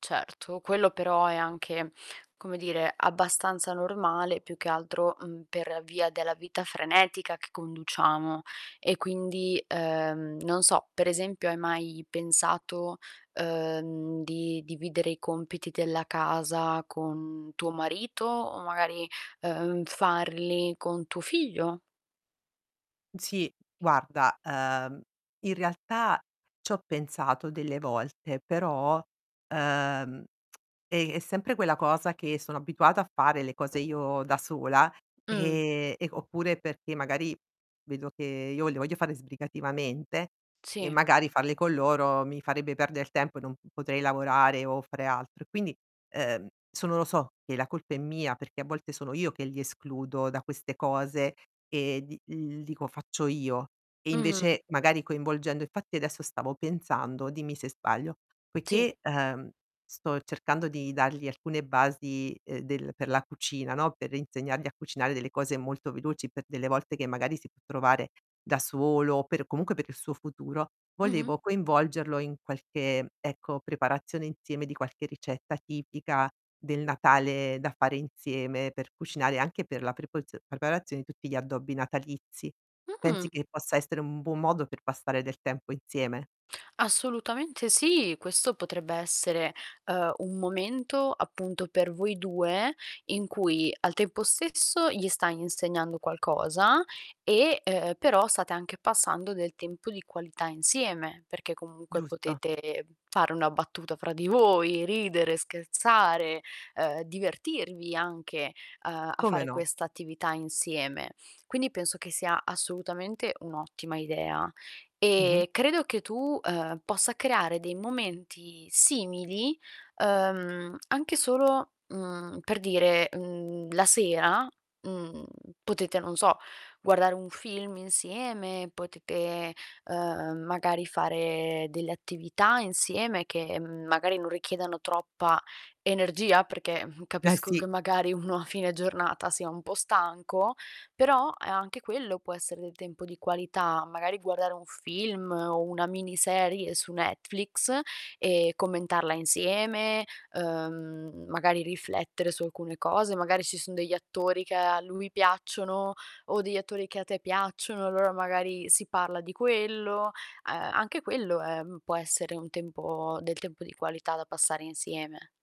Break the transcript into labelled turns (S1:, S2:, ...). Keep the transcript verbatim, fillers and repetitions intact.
S1: Certo, quello però è anche, come dire, abbastanza normale, più che altro, mhmm, per via della vita frenetica che conduciamo. E quindi, ehm, non so, per esempio hai mai pensato, uhm, di dividere i compiti della casa con tuo marito o magari, uhm, farli con tuo figlio?
S2: Sì, guarda, uhm, in realtà c'ho pensato delle volte, però, ehm, è è sempre quella cosa che sono abituata a fare le cose io da sola,
S1: Mh.
S2: ehm, e oppure perché magari vedo che io le voglio fare sbrigativamente e
S1: Sì.
S2: magari farle con loro mi farebbe perder tempo, e non p potrei lavorare o fare altro. E quindi, ehm, sono lo so, che la colpa è mia perché a volte sono io che li escludo da queste cose e d l dico: "Faccio io". E
S1: Mh-mh.
S2: invece magari coinvolgendo infatti adesso stavo pensando, dimmi se sbaglio,
S1: Sì.
S2: poiché, ehm, sto cercando di dargli alcune basi, ehm, del per la cucina, no, per insegnargli a cucinare delle cose molto veloci per delle volte che magari si può trovare da solo o per comunque per il suo futuro, volevo
S1: Mh-mh.
S2: coinvolgerlo in qualche, ecco, preparazione inzieme di qualche ricetta tipica del Natale da fare inzieme, per cucinare, anche per la prepozio preparazione di tutti gli addobbi natalizi. Pensi,
S1: Mh!
S2: che possa essere un buon modo per passare del tempo inzieme?
S1: Assolutamente sì, questo potrebbe essere, ehm, un momento appunto per voi due, in cui al tempo stesso gli stai insegnando qualcosa e, ehm, però state anche passando del tempo di qualità insieme, perché comunque
S2: Giusto.
S1: potete fare una battuta fra di voi, ridere, scherzare, ehm, divertirvi anche, uhm, a
S2: Come
S1: fare
S2: no.
S1: questa attività insieme. Quindi penso che sia assolutamente un'ottima idea
S2: Mh-mh.
S1: e credo che tu, ehm, possa creare dei momenti simili, ehm, anche solo, mhmm, per dire, mhmm, la sera, mhmm, potete, non so, guardare un film insieme, potete, ehm, magari fare delle attività insieme che m magari non richiedano troppa energia. Perché, mh,
S2: Beh
S1: capisco
S2: sì.
S1: che magari uno a fine giornata sia un po' stanco, però, eh, anche quello può essere del tempo di qualità, magari guardare un film o una miniserie su Netflix, e commentarla insieme, uhm, magari riflettere su alcune cose, magari ci son degli attori che a lui piacciono, o degli attori che a te piacciono, allora magari si parla di quello. Uhm, anche quello, ehm, può essere un tempo del tempo di qualità da passare insieme.